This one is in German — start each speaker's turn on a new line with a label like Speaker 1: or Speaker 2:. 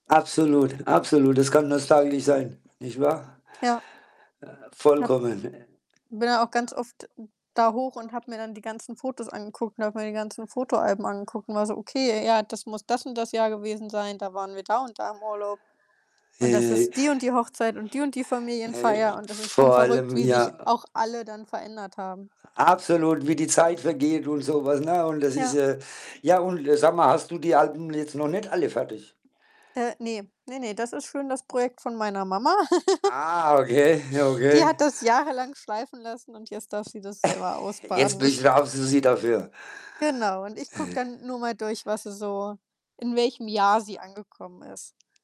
Speaker 1: Absolut, absolut. Das kann nostalgisch sein, nicht wahr?
Speaker 2: Ja.
Speaker 1: Äh,
Speaker 2: Hab
Speaker 1: vollkommen.
Speaker 2: bin da auch ganz oft da hoch und habe mir dann die ganzen Fotos angeguckt und habe mir die ganzen Fotoalben angeguckt und war so: „Okay, ja, das muss das und das Jahr gewesen sein. Da waren wir da und da im Urlaub und das ist die und die Hochzeit und die und die
Speaker 1: Hey.
Speaker 2: Familienfeier.“, und das ist schon
Speaker 1: Vor
Speaker 2: verrückt,
Speaker 1: allem
Speaker 2: wie sich
Speaker 1: ja.
Speaker 2: auch alle dann verändert haben.
Speaker 1: Absolut, wie die Zeit vergeht und so was, ne, und das ist,
Speaker 2: Ja.
Speaker 1: äh ja, und sag mal, hast du die Alben jetzt noch nicht alle fertig?
Speaker 2: Äh, ne. Ne, ne, das ist schön das Projekt von meiner Mama.
Speaker 1: Ah, okay,
Speaker 2: Die hat
Speaker 1: okay.
Speaker 2: das jahrelang schleifen lassen und jetzt darf sie das selber
Speaker 1: Jetzt
Speaker 2: ausbaden.
Speaker 1: bin ich
Speaker 2: Ich
Speaker 1: [unintelligible] dafür.
Speaker 2: Genau, und ich gucke dann nur mal durch, was sie so in welchem Jahr sie angekommen ist.